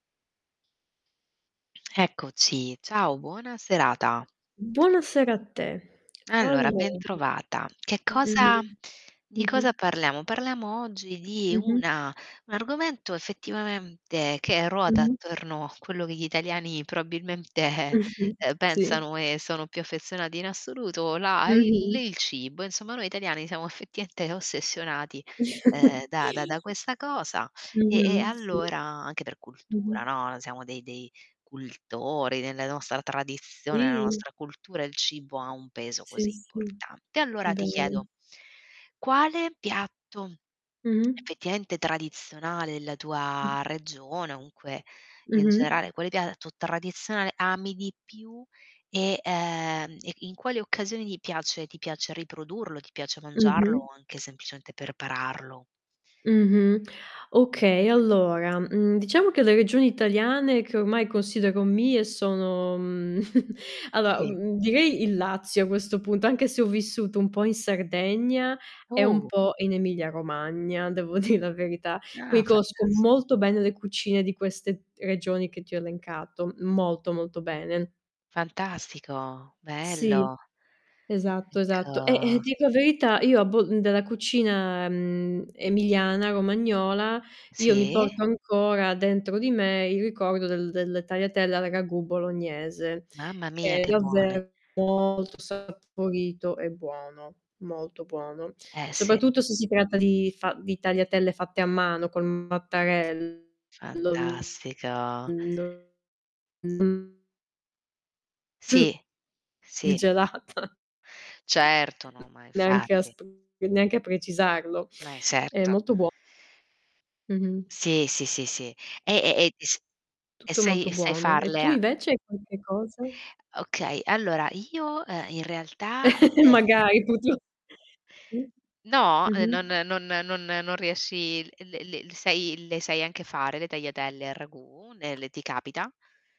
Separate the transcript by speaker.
Speaker 1: Eccoci, Ciao, buona serata.
Speaker 2: Buonasera a te.
Speaker 1: Allora,
Speaker 2: Allora
Speaker 1: bentrovata. Che cosa
Speaker 2: Mh-mh.
Speaker 1: di cosa
Speaker 2: Mh-mh.
Speaker 1: parliamo? Parliamo oggi di
Speaker 2: Mh-mh.
Speaker 1: una un argomento effettivamente che ruota
Speaker 2: Mh-mh.
Speaker 1: attorno a quello che gli italiani probabilmente
Speaker 2: Eh, sì,
Speaker 1: uhm,
Speaker 2: sì.
Speaker 1: pensano, e sono più affezionati in assoluto, la i
Speaker 2: Mh-mh.
Speaker 1: li il cibo. Insomma, noi italiani siamo effettivamente ossessionati, ehm, da da da questa cosa. E e
Speaker 2: Mh-mh. Sì.
Speaker 1: allora anche per cultura,
Speaker 2: Mh-mh.
Speaker 1: no, siamo dei dei cultori. Nelle nostra tradizione, nella
Speaker 2: Sì.
Speaker 1: nostra cultura, il cibo ha un peso così
Speaker 2: Sì, sì.
Speaker 1: importante. Allora ti chiedo
Speaker 2: Bello.
Speaker 1: quale piatto
Speaker 2: Mh-mh.
Speaker 1: effettivamente tradizionale della
Speaker 2: Mh.
Speaker 1: tua regione, o comunque, in
Speaker 2: Mh-mh.
Speaker 1: generale, quale piatto tradizionale ami di più e ehm, e in quali occasioni ti piace ti piace riprodurlo e ti piace mangiarlo,
Speaker 2: Mh-mh.
Speaker 1: o anche semplicemente prepararlo?
Speaker 2: Mh-mh. Okay, allora, mhmm, diciamo che le regioni italiane che ormai considero mie sono mhmm, allora,
Speaker 1: Sì.
Speaker 2: mhmm, direi il Lazio a questo punto, anche se ho vissuto un po' in Sardegna e un
Speaker 1: Òh!
Speaker 2: po' in Emilia Romagna, devo dì la verità.
Speaker 1: Ah,
Speaker 2: Qui conosco
Speaker 1: fantas
Speaker 2: molto bene le cucine di queste regioni che ti ho elencato, molto, molto bene.
Speaker 1: Fantastico,
Speaker 2: Sì,
Speaker 1: bello.
Speaker 2: esatto, esatto. Eh, eh,
Speaker 1: Ecco
Speaker 2: ti dico a verità io a Bol della cucina, mhmm, emiliana, romagnola io mi
Speaker 1: Sì.
Speaker 2: porto ancora dentro di me il ricordo del delle tagliatelle al ragù bolognese,
Speaker 1: Mamma mia
Speaker 2: che è
Speaker 1: che buone.
Speaker 2: davvero molto saporito e buono, molto buono.
Speaker 1: Eh, sì.
Speaker 2: Soprattutto se si tratta di fa di tagliatelle fatte a mano col mattarello,
Speaker 1: Fantastico.
Speaker 2: non [unintelligible] Sì.
Speaker 1: Sì,
Speaker 2: Il
Speaker 1: sì.
Speaker 2: gelato.
Speaker 1: Certo. No, ma
Speaker 2: Neanche a
Speaker 1: infatti.
Speaker 2: sp neanche a precisarlo.
Speaker 1: Ma
Speaker 2: È
Speaker 1: esatto.
Speaker 2: molto buo Mh-mh.
Speaker 1: Sì, sì, sì, sì. E e e dis e
Speaker 2: Tutto
Speaker 1: sai
Speaker 2: molto
Speaker 1: e sai
Speaker 2: buono. E
Speaker 1: farle
Speaker 2: tu
Speaker 1: a
Speaker 2: invece hai qualche cosa?
Speaker 1: Okay. Allora io, uhm, in realtà Eh.
Speaker 2: Magari, tutto Sì.
Speaker 1: No. E non
Speaker 2: Mh-mh.
Speaker 1: non non non riesci le le sei le sai anche fare le tagliatelle al ragù, nelle ti capita?